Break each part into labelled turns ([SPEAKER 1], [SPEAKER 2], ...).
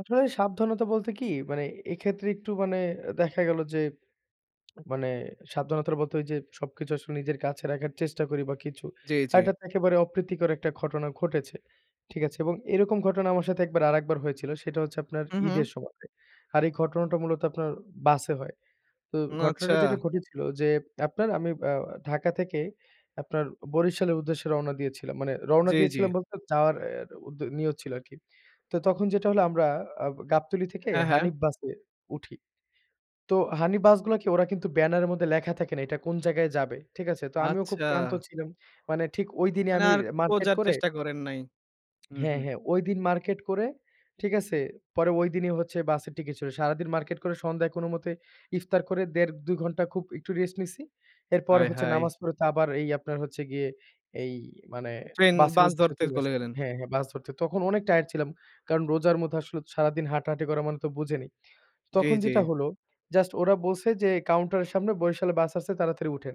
[SPEAKER 1] আসলে সাবধানতা বলতে কি মানে এক্ষেত্রে একটু মানে দেখা গেল যে, মানে সাবধানতার মতোই যে সবকিছু আসলে নিজের কাছে রাখার চেষ্টা করি বা কিছু।
[SPEAKER 2] জী,
[SPEAKER 1] আর এটা
[SPEAKER 2] জী।
[SPEAKER 1] একেবারে অপ্রীতিকর একটা ঘটনা ঘটেছে। ঠিক আছে? এবং এরকম ঘটনা আমার সাথে একবার আরেকবার হয়েছিল সেটা হচ্ছে আপনার
[SPEAKER 2] হুম, হুম।
[SPEAKER 1] ঈদের সময়। আর এই ঘটনাটা মূলত আপনার বাসে হয়। তো
[SPEAKER 2] হুম,
[SPEAKER 1] ঘটনাটা
[SPEAKER 2] আচ্ছা।
[SPEAKER 1] যেটা ঘটেছিল যে আপনার আমি আ ঢাকা থেকে আপনার বরিশালের উদ্দেশ্যে রওনা দিয়েছিলাম। মানে রওনা
[SPEAKER 2] জী, জী।
[SPEAKER 1] দিয়েছিলাম বলতে যাওয়ার অ্যা নিয়ত ছিল আরকি। তো তখন যেটা হলো আমরা আ গাবতলী থেকে
[SPEAKER 2] হ্যাঁ, হ্যাঁ।
[SPEAKER 1] হানিফ বাসে উঠি। তো হানিফ বাস গুলোকে ওরা কিন্তু ব্যানার এর মধ্যে লেখা থাকে না। এটা কোন জায়গায় যাবে। ঠিক আছে? তো আমিও খুব
[SPEAKER 2] আচ্ছা।
[SPEAKER 1] ক্লান্ত ছিলাম। মানে ঠিক ঐ দিনই
[SPEAKER 2] মানে
[SPEAKER 1] আমি
[SPEAKER 2] আর
[SPEAKER 1] মার্কেট
[SPEAKER 2] খোজার
[SPEAKER 1] করে
[SPEAKER 2] চেষ্টা করেন নাই, উ
[SPEAKER 1] হ্যাঁ,
[SPEAKER 2] হুম।
[SPEAKER 1] হ্যাঁ ঐদিন মার্কেট করে ঠিক আছে? পরে ঐদিনই হচ্ছে বাসের টিকেট চলে। সারাদিন মার্কেট করে সন্ধ্যায় কোন মতে ইফতার করে ১.৫ ২ ঘন্টা খুব একটু রেস্ট নিছি। এরপর
[SPEAKER 2] হায়,
[SPEAKER 1] হচ্ছে
[SPEAKER 2] হায়!
[SPEAKER 1] নামাজ পড়তে আবার এই আপনার হচ্ছে গিয়ে এই মানে
[SPEAKER 2] ট্রেন,
[SPEAKER 1] বাসের
[SPEAKER 2] বাস
[SPEAKER 1] উদ্দেশ্যে
[SPEAKER 2] ধরতে্ল
[SPEAKER 1] চলে
[SPEAKER 2] কলে
[SPEAKER 1] আসছি।
[SPEAKER 2] গেলেন।
[SPEAKER 1] হ্যাঁ, হ্যাঁ বাস ধরতে। তখন অনেক টায়ারড ছিলাম। কারণ রোজার মধ্যে আসলে সারাদিন হাঁটাহাঁটি করা মানে তো বুঝে নি।
[SPEAKER 2] জী,
[SPEAKER 1] তখন যেটা
[SPEAKER 2] জী।
[SPEAKER 1] হলো জাস্ট ওরা বলছে যে কাউন্টার এর সামনে বরিশাল বাস আসছে তাড়াতাড়ি উঠেন।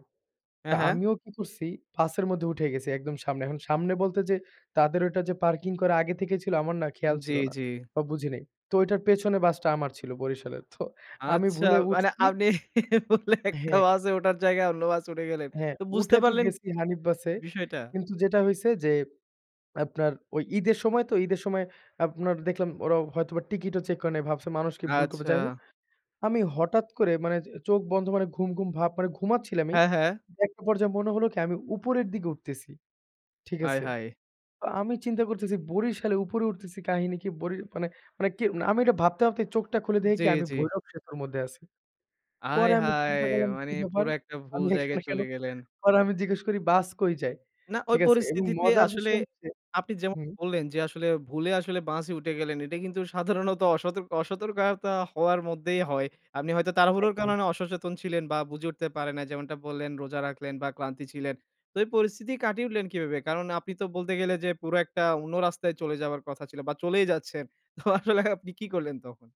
[SPEAKER 1] তা
[SPEAKER 2] এহে।
[SPEAKER 1] আমিও কি করছি বাসের মধ্যে উঠে গেছি একদম সামনে। এখন সামনে বলতে যে তাদের ওটা যে পার্কিং করে আগে থেকে ছিল আমার না খেয়াল
[SPEAKER 2] জী,
[SPEAKER 1] ছিল না,
[SPEAKER 2] জী।
[SPEAKER 1] বা বুঝি নাই। তো ওটার পেছনে বাসটা আমার ছিল বরিশালের তো আমি
[SPEAKER 2] আচ্ছা
[SPEAKER 1] ভুলে
[SPEAKER 2] মানে
[SPEAKER 1] উঠছি
[SPEAKER 2] আপনি ভুলে একটা
[SPEAKER 1] হ্যাঁ।
[SPEAKER 2] বাসে ওঠার জায়গায় অন্য বাসে উঠে গেলেন।
[SPEAKER 1] হ্যাঁ,
[SPEAKER 2] তো বুঝতে
[SPEAKER 1] উঠে তো
[SPEAKER 2] পারলেন
[SPEAKER 1] গেছি হানিফ বাসে।
[SPEAKER 2] বিষয়টা?
[SPEAKER 1] কিন্তু যেটা হইছে যে আপনার ওই ঈদের সময় তো ঈদের সময় আপনার দেখলাম ওরা হয়তোবা টিকিট ও চেক করে নেয় ভাবছে মানুষ কি ভুল করবে যাই হোক।
[SPEAKER 2] আচ্ছা।
[SPEAKER 1] আমি হঠাৎ করে মানে চোখ বন্ধ মানে ঘুম, ঘুম ভাব মানে ঘুমাচ্ছিলামই।
[SPEAKER 2] হ্যাঁ, হ্যাঁ।
[SPEAKER 1] একটা পর্যায়ে মনে হলো কি আমি উপরের দিকে উঠতেছি, ঠিক
[SPEAKER 2] হায়
[SPEAKER 1] আছে।
[SPEAKER 2] হায়!
[SPEAKER 1] তো আমি চিন্তা করতেছি বরশালে উপরে উঠতেছি কাহিনী কি বরি মানে মানে আমি এটা ভাবতে ভাবতেই চোখটা খুলে দেখে
[SPEAKER 2] জী,
[SPEAKER 1] কি আমি
[SPEAKER 2] জী।
[SPEAKER 1] ভৈরব সেতুর মধ্যে আছি।
[SPEAKER 2] আয়
[SPEAKER 1] পরে আমি চিন্তা
[SPEAKER 2] হায়!
[SPEAKER 1] করলাম
[SPEAKER 2] মানে
[SPEAKER 1] কি ব্যাপার
[SPEAKER 2] পুরা একটা ভুল
[SPEAKER 1] আমি
[SPEAKER 2] জায়গায়
[SPEAKER 1] এখানে কেন?
[SPEAKER 2] চলে গেলেন।
[SPEAKER 1] পরে আমি জিজ্ঞেস করি বাস কই যাই।
[SPEAKER 2] না, ওই
[SPEAKER 1] ঠিক আছে? এবং
[SPEAKER 2] পরিস্থিতিতে
[SPEAKER 1] মজার
[SPEAKER 2] আসলে
[SPEAKER 1] বিষয় হচ্ছে
[SPEAKER 2] আপনি যেমন
[SPEAKER 1] হুম।
[SPEAKER 2] বললেন যে আসলে ভুলে আসলে বাসে উঠে গেলেন। এটা কিন্তু সাধারণত অসত অসতর্কতা হওয়ার মধ্যেই হয়। আপনি হয়তো তারাহুড়োর
[SPEAKER 1] একদম।
[SPEAKER 2] কারণে অসচেতন ছিলেন বা বুঝে উঠতে পারে নাই যেমনটা বললেন রোজা রাখলেন বা ক্লান্তি ছিলেন। তো এই পরিস্থিতি কাটিয়ে উঠলেন কিভাবে কারণ আপনি তো বলতে গেলে যে পুরো একটা অন্য রাস্তায় চলে যাবার কথা ছিল বা চলেই যাচ্ছেন। তো আসলে আপনি কি করলেন তখন?